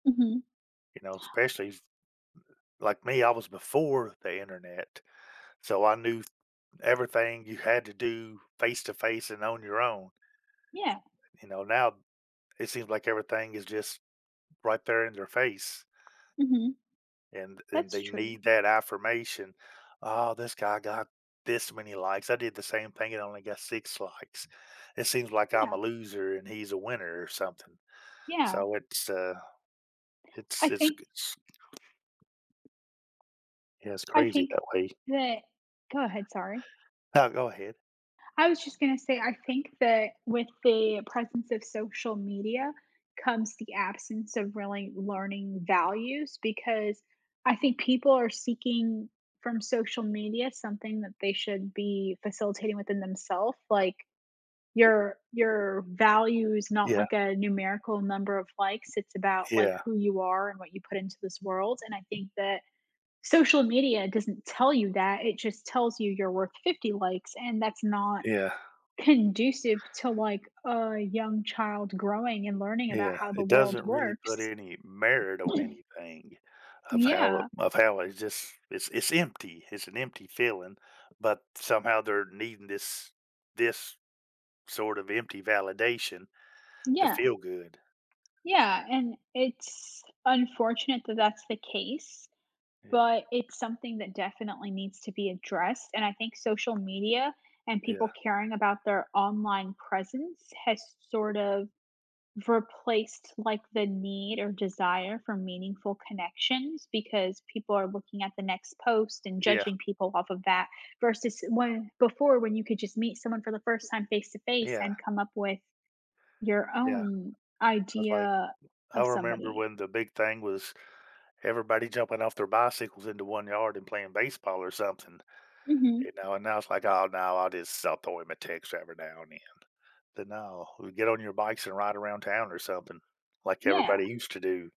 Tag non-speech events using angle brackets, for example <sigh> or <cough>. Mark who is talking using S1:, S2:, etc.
S1: Mhm.
S2: You know, especially s like me, I was before the internet, so I knew everything you had to do face-to-face and on your own.
S1: Yeah.
S2: You know, now, it seems like everything is just right there in their face
S1: Mhm.
S2: and and
S1: That's
S2: they
S1: true.
S2: need that affirmation. "Ah, this guy got this many likes. I did the same thing, it only got 6 likes. It seems like I'm a
S1: Yeah.
S2: loser and he's a winner," or something.
S1: Yeah.
S2: So it's uh, it's
S1: I
S2: it's
S1: think
S2: g it's Yeah, it's
S1: I
S2: crazy
S1: think
S2: that way.
S1: that Go ahead, sorry.
S2: Oh, go ahead.
S1: I was just gonna say, I think that with the presence of social media comes the absence of really learning values because I think people are seeking from social media something that they should be facilitating within them self, like your your value is not
S2: Yeah.
S1: like a numerical number of likes, it's about, like,
S2: Yeah.
S1: who you are and what you put into this world, and I think that social media doesn't tell you that, it just tells you you're worth 50 likes, and that's not
S2: Yeah.
S1: conducive to, like, a young child growing and learning about
S2: Yeah.
S1: how the
S2: It
S1: world
S2: doesn't really put
S1: works.
S2: any merit on
S1: <clears throat>
S2: anything of how
S1: Yeah.
S2: of how it's just it's it's empty, it's an empty feeling, but somehow they're needing this this sort of empty validation to
S1: Yeah.
S2: feel good.
S1: Yeah, and it's unfortunate that that's the case,
S2: Yeah.
S1: but it's something that definitely needs to be addressed, and I think social media and
S2: Yeah.
S1: people caring about their online presence has sort of replaced, like, the need or desire for meaningful connections because people are looking at the next post and
S2: Yeah.
S1: judging people off of that versus when before when you could just meet someone for the first time face-to-face
S2: Yeah.
S1: and come up with your
S2: Yeah.
S1: own
S2: It was like,
S1: idea
S2: I
S1: of
S2: remember
S1: somebody.
S2: when the big thing was everybody jumping off their bicycles into one yard and playing baseball or something, you
S1: Mhm.
S2: know, and now it's like, "Oh, no, I'll just I'll throw him a text every now and then." But no, you get on your bikes and ride around town or something like everybody
S1: Yeah.
S2: used to do.